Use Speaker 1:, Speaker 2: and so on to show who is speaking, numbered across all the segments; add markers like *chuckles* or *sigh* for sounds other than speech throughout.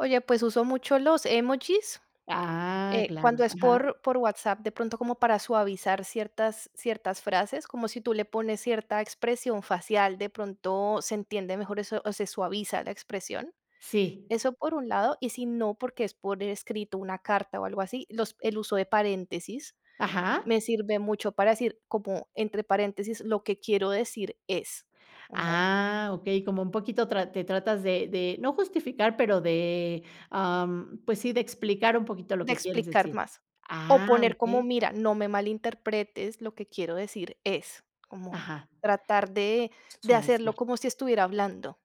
Speaker 1: Oye, pues, uso mucho los emojis.
Speaker 2: Ah,
Speaker 1: Eh, cuando
Speaker 2: claro.
Speaker 1: es
Speaker 2: Ajá.
Speaker 1: por por WhatsApp, de pronto como para suavizar ciertas ciertas frases, como si tú le pones cierta expresión facial, de pronto se entiende mejor eso, o se suaviza la expresión.
Speaker 2: Sí.
Speaker 1: Eso por un lado. Y si no, porque es por escrito una carta o algo así, los el uso de paréntesis
Speaker 2: Ajá.
Speaker 1: me sirve mucho para decir como entre paréntesis: "Lo que quiero decir es". Ajá.
Speaker 2: Ah, okey, como un poquito trat te tratas de de no justificar pero de, am, pues sí, de explicar un poquito lo
Speaker 1: De
Speaker 2: que quieres
Speaker 1: explicar
Speaker 2: decir.
Speaker 1: más, o
Speaker 2: Ah,
Speaker 1: poner como:
Speaker 2: okey.
Speaker 1: "Mira no me malinterpretes, lo que quiero decir es". Como
Speaker 2: Ajá.
Speaker 1: tratar de de hacerlo
Speaker 2: Suavizar.
Speaker 1: como si estuviera hablando.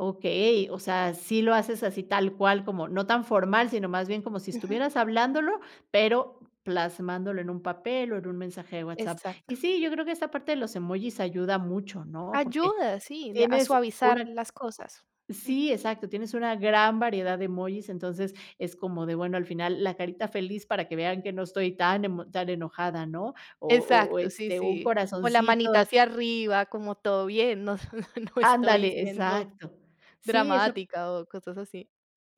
Speaker 2: Okey, o sea, sí lo haces así tal cual como no tan formal, sino más bien como si
Speaker 1: Ujú.
Speaker 2: estuvieras hablándolo pero plasmándolo en un papel o en un mensaje de WhatsApp.
Speaker 1: Exacto.
Speaker 2: Y sí, yo creo que esa parte de los emojis ayuda mucho, ¿no? Porque
Speaker 1: Ayuda, sí, de a
Speaker 2: tienes
Speaker 1: suavizar
Speaker 2: una.
Speaker 1: las cosas. Mm.
Speaker 2: Sí, exacto, tienes una gran variedad de emojis entonces es como de bueno, al final la carita feliz para que vean que no estoy tan emo tan enojada, ¿no? O o,
Speaker 1: Exacto. Sí
Speaker 2: este, un
Speaker 1: sí. O la
Speaker 2: corazoncito.
Speaker 1: manita hacia arriba como todo bien. No, no estoy
Speaker 2: Ándale,
Speaker 1: siendo
Speaker 2: exacto. Sí, eso
Speaker 1: dramática o cosas así.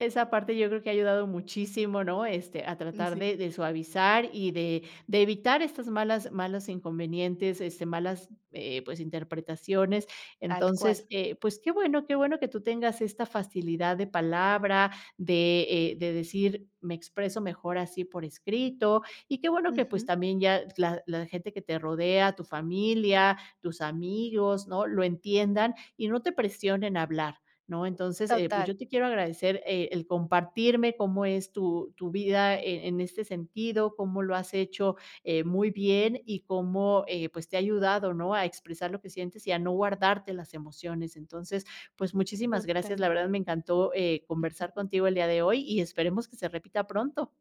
Speaker 2: Esa parte yo creo que ha ayudado muchísimo, ¿no? Este, a
Speaker 1: Mm,
Speaker 2: tratar
Speaker 1: sí.
Speaker 2: de de suavizar, y de de evitar estos malas malos inconvenientes, este, malas, eh, pues interpretaciones.
Speaker 1: Tal cual.
Speaker 2: Entonces, eh, pues, qué bueno, qué bueno que tú tengas esta facilidad de palabra de, eh, de decir: "Me expreso mejor así por escrito". Y qué bueno que pues
Speaker 1: Ujú.
Speaker 2: también ya la la gente que te rodea, tu familia, tus amigos, ¿no? Lo entiendan y no te presionen a hablar, ¿no? Entonces, eh, pues,
Speaker 1: Total.
Speaker 2: yo te quiero agradecer, eh, el compartirme cómo es tu tu vida e en este sentido, cómo lo has hecho, eh, muy bien y cómo, eh, pues, te ha ayudado, ¿no? A expresar lo que sientes y a no guardarte las emociones. Entonces, pues, muchísimas gracias. La
Speaker 1: Totalmente.
Speaker 2: verdad me encantó, eh, conversar
Speaker 1: *chuckles*
Speaker 2: contigo el día de hoy y esperemos que se repita pronto.